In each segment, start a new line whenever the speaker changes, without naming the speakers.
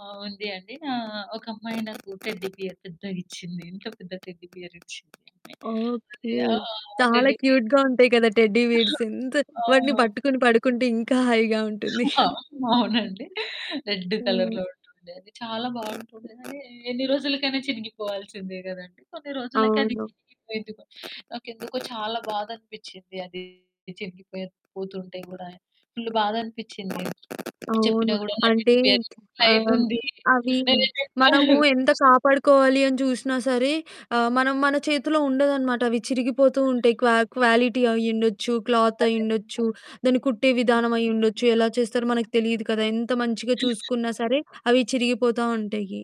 ఆ! ఉంది అండి ఆహ్, ఒక అమ్మాయి నాకు టెడ్డీ బేర్ పెద్దదిచ్చింది. ఇంత పెద్ద టెడ్డీ బేర్ ఇచ్చింది అమ్మాయి. అదే
ఓకే.
ఆహ్,
చాలా
టెడ్డీ బేర్
క్యూట్‌గా ఉంటాయి కదా! టెడ్డీ బేర్స్ ఎంత
ఆ!
వాటిని
ఆ!
పట్టుకొని పడుకుంటే ఇంకా హాయిగా ఉంటుంది.
ఆ! అవునండి. రెడ్
హ్మ్.
కలర్‌లో ఉంటుండే అది. చాలా బావుంటుండే కానీ ఎన్ని రోజులకైనా చినిగిపోవాల్సిందే గదండీ. కొన్ని రోజులకి అది
అవును.
చినిగిపోయింది. గో నాకెందుకో చాలా బాధ అనిపిచ్చింది అది చినిగిపోయి పోతుంటే గూడా, ఫుల్లు బాధనిపిచ్చింది చెప్పిన
అవును.
గూడా నా
అంటే
టెడ్డీ బేర్
ఆహ్, అవి
[unintelligible]
మనము ఎంత కాపాడుకోవాలి అని చూసినా సరే ఆహ్, మనం మన చేతిలో ఉండదనమాట. అవి చిరిగిపోతూ ఉంటాయి, క్వా క్వాలిటీ అయ్యుండొచ్చు,
అదే.
క్లాతయ్యుండొచ్చు, దాన్ని కుట్టే విధానం
హుహు.
అయ్యుండొచ్చు, ఎలా చేస్తారో మనకి తెలిదు కదా! ఎంత మంచిగా
[unintelligible]
చూసుకున్నా సరే అవి చిరిగిపోతా ఉంటాయి.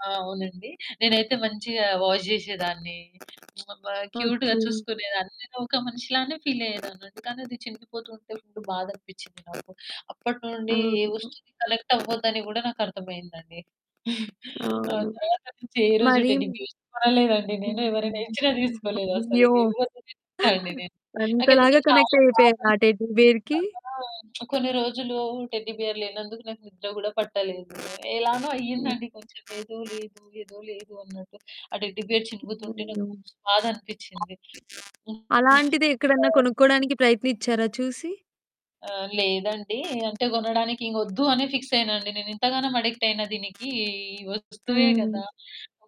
ఆ! అవునండి. నేనైతే మంచిగా వాష్ జేశెదాన్ని అబ్బా క్యూట్‌గా
ఓకే.
చూసుకునేదాన్ని నేనొక మనిషి లానే ఫీలయ్యేదాన్ని. అందుకనే అది చినిగిపోతుంటే అప్పుడు బాధ అనిపిచ్చింది నాకు. అప్పట్నుండి ఏ
అవును.
వస్తువుకి కనెక్టవ్వద్దని గూడా నాకర్థమయిందండి. ఆ
అవును.
తరువాత నుంచి ఏ రోజు
మరి
టెడ్డీ బేర్ కొనలేదండి నేను
హుహు.
ఎవరైనా ఇచ్చిన తీసుకోలేదు. అసలు
అయ్యో!
ఎవరిని తిడతాండి నేను. నాకెందుకో
అంతలాగా
చాలా బాధ
కనెక్టయిపోయారా? ఆ
అనిపిచ్చిందండి.
టెడ్డీ బేర్‌కి?
అందుకనే కొన్ని రోజులు టెడ్డీ బేర్ లేనందుకు నాకు నిద్ర గూడా పట్టలేదు. ఎలానో
హ్మ్.
అయిందండి కొంచెం ఏదో లేదు ఏదో లేదు అన్నట్టు ఆ టెడ్డీ బేర్ చినుగుతుంటే నాకు
అయ్యయో!
మస్తు బాధనిపిచ్చింది.
అలాంటిది ఎక్కడన్నా
[unintelligible]
కొనుక్కోడానికి ప్రయత్నిచ్చారా చూసి?
ఆ! లేదండి. అంటే కొనడాని ఇంకొద్దు అని ఫిక్స్ అయ్యానండి నేను ఇంతగానం అడిక్టయిన దీనికి ఈ వస్తువే
హ్మ్.
కదా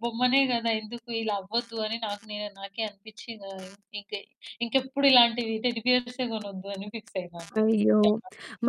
బొమ్మనే గదా ఎందుకిలా అవ్వద్దు అని నాకు నె నాకే అనిపిచ్చింది ఆ ఇంకె ఇంకెప్పుడు ఇలాంటివి టెడ్డీ బేర్సే కొనొద్దని ఫిక్స్ అయినా అండి నేను.
అయ్యో!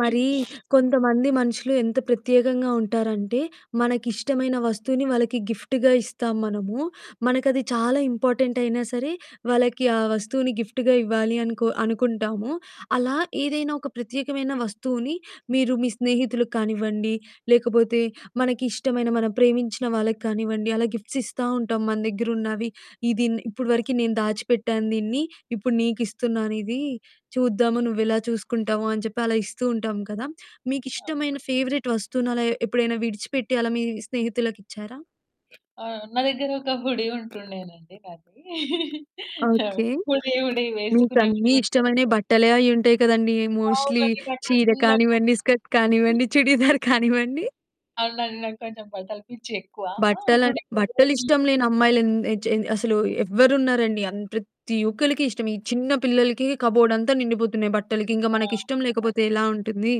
మరీ కొంతమంది మనుషులు ఎంత ప్రత్యేకంగా ఉంటారంటే, మనకిష్టమైన వస్తువుని వాళ్ళకి గిఫ్ట్‌గా ఇస్తాం మనము. మనకది చాలా ఇంపార్టెంటయినా సరే వాళ్ళకి ఆ వస్తువుని గిఫ్ట్‌గా ఇవ్వాలి అనుకో అనుకుంటాము. అలా ఏదైనా ఒక ప్రత్యేకమైన వస్తువుని మీరు మీ స్నేహితులకు కానివ్వండి, లేకపోతే మనకిష్టమైన మనం ప్రేమించిన వాళ్ళకానివ్వండి అలా గిఫ్ట్స్ ఇస్తా ఉంటాం మన దెగ్గరున్నవి. ఇది ఇన్ ఇప్పడి వరకి నేను దాచిపెట్టాను దీన్ని ఇప్పుడు నీకు ఇస్తున్నాను ఇది. చూద్దాము నువ్వెలా చూసుకుంటావు అని చెప్పి అలా ఇస్తూ ఉంటాం కదా.
అవును.
మీకిష్టమైన ఫేవరెట్ వస్తువుని అలా ఎప్పుడైనా విడిచిపెట్టి అలా మీ స్నేహితులకిచ్చారా?
ఆ! నా దెగ్గరొక హుడీ ఉంటుండే నండి నాది. ఆ
ఓకే.
హుడీ హుడీ వేసుకునే హుడీ
మీకన్నీ
చాలా
ఇష్టమైనవి
ఇష్టం.
బట్టలే అయుంటాయి కదండి. మోస్ట్‌లి
అవునండి. నాకు
చీర
హ్మ్. నాకు
కానివ్వండి, స్కర్ట్ కానివ్వండి, చుడీదార్ కానివ్వండి.
అవునండి. నాకు కొంచెం బట్టలు పిచ్చి ఎక్కువా. ఆ!
బట్టల
హుడీ‌ని వదిలేసి
బట్టలిష్టం లేని అమ్మాయిలు ఎన్ చన్ అసలు ఎవరున్నారండి? అన్ ప్రతి ఒక్కల్లకిష్టం ఈ చిన్న పిల్లలకి కబోర్డ్ అంతా నిండిపోతున్నాయి బట్టలకి. ఇంగా
ఆ!
మనకిష్టం
అదే.
లేకపోతే ఎలా ఉంటుంది?